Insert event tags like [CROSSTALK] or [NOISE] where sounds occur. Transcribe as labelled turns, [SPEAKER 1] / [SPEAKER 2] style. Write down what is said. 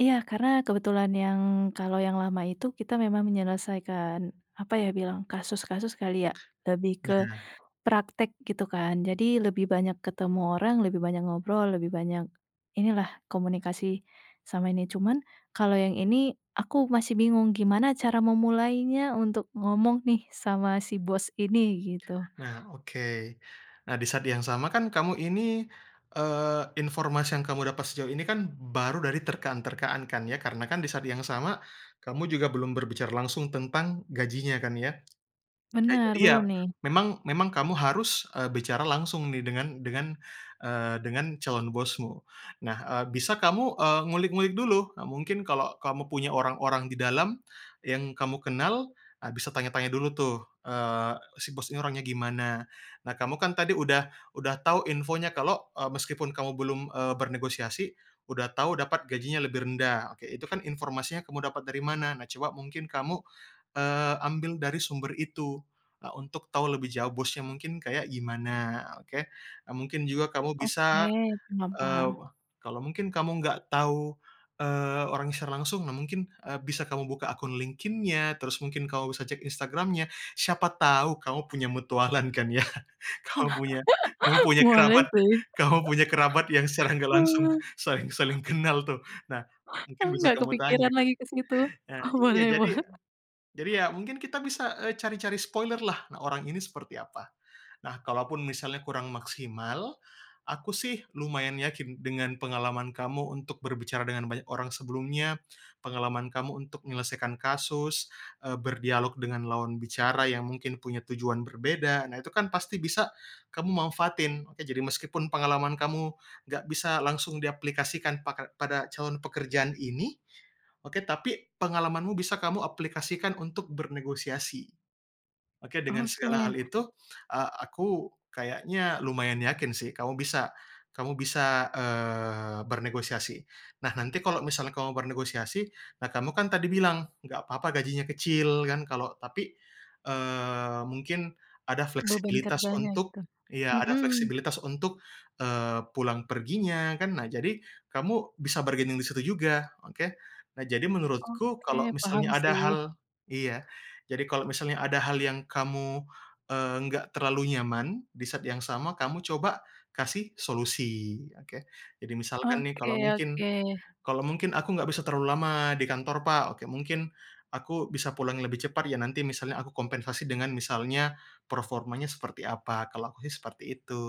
[SPEAKER 1] Iya, karena kebetulan yang, kalau yang lama itu kita memang menyelesaikan, apa ya bilang, kasus-kasus kali ya, lebih ke
[SPEAKER 2] Nah
[SPEAKER 1] praktek gitu, kan. Jadi, lebih banyak ketemu orang, lebih banyak ngobrol, lebih banyak inilah, komunikasi sama ini. Cuman, kalau yang ini, aku masih bingung gimana cara memulainya untuk ngomong nih sama si bos ini, gitu.
[SPEAKER 2] Nah, oke. Nah, di saat yang sama kan kamu ini, eee, informasi yang kamu dapat sejauh ini kan baru dari terkaan-terkaan kan, ya. Karena kan di saat yang sama, kamu juga belum berbicara langsung tentang gajinya kan, ya. Nah, itu
[SPEAKER 1] Benar, belum,
[SPEAKER 2] dia.
[SPEAKER 1] nih.
[SPEAKER 2] Memang memang kamu harus, eee, bicara langsung nih dengan dengan, eee, dengan calon bosmu. Nah, eee, bisa kamu, eee, ngulik-ngulik dulu. Nah, mungkin, kalau kamu punya orang-orang di dalam yang kamu kenal, ah, bisa tanya-tanya dulu tuh, eee, si bos ini orangnya gimana. Nah, kamu kan tadi udah udah tau infonya kalau, eee, meskipun kamu belum, eee, bernegosiasi, udah tau dapat gajinya lebih rendah. Oke, itu kan informasi yang kamu dapat dari mana? Nah, coba mungkin kamu, eee, ambil dari sumber itu, eee, untuk tau lebih jauh bosnya mungkin kayak gimana, oke. Eee, mungkin juga kamu
[SPEAKER 1] Oke,
[SPEAKER 2] bisa,
[SPEAKER 1] paham
[SPEAKER 2] eee,
[SPEAKER 1] paham.
[SPEAKER 2] kalau mungkin kamu nggak tau, eee, orangnya secara langsung, nah mungkin, eee, bisa kamu buka akun LinkedIn-nya, terus mungkin kamu bisa cek Instagram-nya, siapa tau kamu punya mutualan kan ya. Kamu punya kamu
[SPEAKER 1] [CHUCKLES]
[SPEAKER 2] punya
[SPEAKER 1] Boleh,
[SPEAKER 2] kerabat
[SPEAKER 1] sih.
[SPEAKER 2] kamu punya kerabat yang secara nggak langsung
[SPEAKER 1] [CHUCKLES]
[SPEAKER 2] saling saling kenal, tuh. Nah, mungkin
[SPEAKER 1] Eee,
[SPEAKER 2] bisa
[SPEAKER 1] nggak
[SPEAKER 2] kamu tanya,
[SPEAKER 1] kepikiran
[SPEAKER 2] kan.
[SPEAKER 1] lagi ke situ.
[SPEAKER 2] Nah iya,
[SPEAKER 1] Boleh,
[SPEAKER 2] jadi
[SPEAKER 1] bol
[SPEAKER 2] jadi, ya, mungkin kita bisa, eee, cari-cari spoiler, lah. Nah, orang ini seperti apa. Nah, kalaupun misalnya kurang maksimal, aku sih lumayan yakin dengan pengalaman kamu untuk berbicara dengan banyak orang sebelumnya, pengalaman kamu untuk nyelesaikan kasus, eee, berdialog dengan lawan bicara yang mungkin punya tujuan berbeda, nah, itu kan pasti bisa kamu manfaatin, oke. Jadi, meskipun pengalaman kamu nggak bisa langsung diaplikasikan paka pada calon pekerjaan ini, oke, tapi pengalamanmu bisa kamu aplikasikan untuk bernegosiasi. Oke, dengan segala
[SPEAKER 1] Oke.
[SPEAKER 2] hal itu, eee, aku kayaknya lumayan yakin sih kamu bisa kamu bisa, eee, bernegosiasi. Nah, nanti kalau misalnya kamu bernegosiasi, nah, kamu kan tadi bilang, "Nggak papa gajinya kecil." Kan kalau tapi, eee, mungkin ada
[SPEAKER 1] Beban
[SPEAKER 2] fleksibilitas
[SPEAKER 1] kerjanya,
[SPEAKER 2] untuk
[SPEAKER 1] gitu.
[SPEAKER 2] iya, ada
[SPEAKER 1] Mhm.
[SPEAKER 2] fleksibilitas untuk, eee, pulang perginya, kan. Nah, jadi, kamu bisa bargaining di situ juga. Oke? Nah, jadi menurutku, kalau
[SPEAKER 1] Oke, paham,
[SPEAKER 2] misalnya ada
[SPEAKER 1] sih.
[SPEAKER 2] hal iya. Jadi, kalau misalnya ada hal yang kamu, eee, nggak terlalu nyaman, di saat yang sama kamu coba kasih solusi, oke. Jadi, misalkan nih
[SPEAKER 1] Oke
[SPEAKER 2] kalau mungkin,
[SPEAKER 1] oke.
[SPEAKER 2] kalau mungkin, "Aku nggak bisa terlalu lama di kantor, Pak," oke. "mungkin aku bisa pulang lebih cepat ya. Nanti misalnya aku kompensasi dengan misalnya performanya seperti apa." Kalau aku sih seperti itu.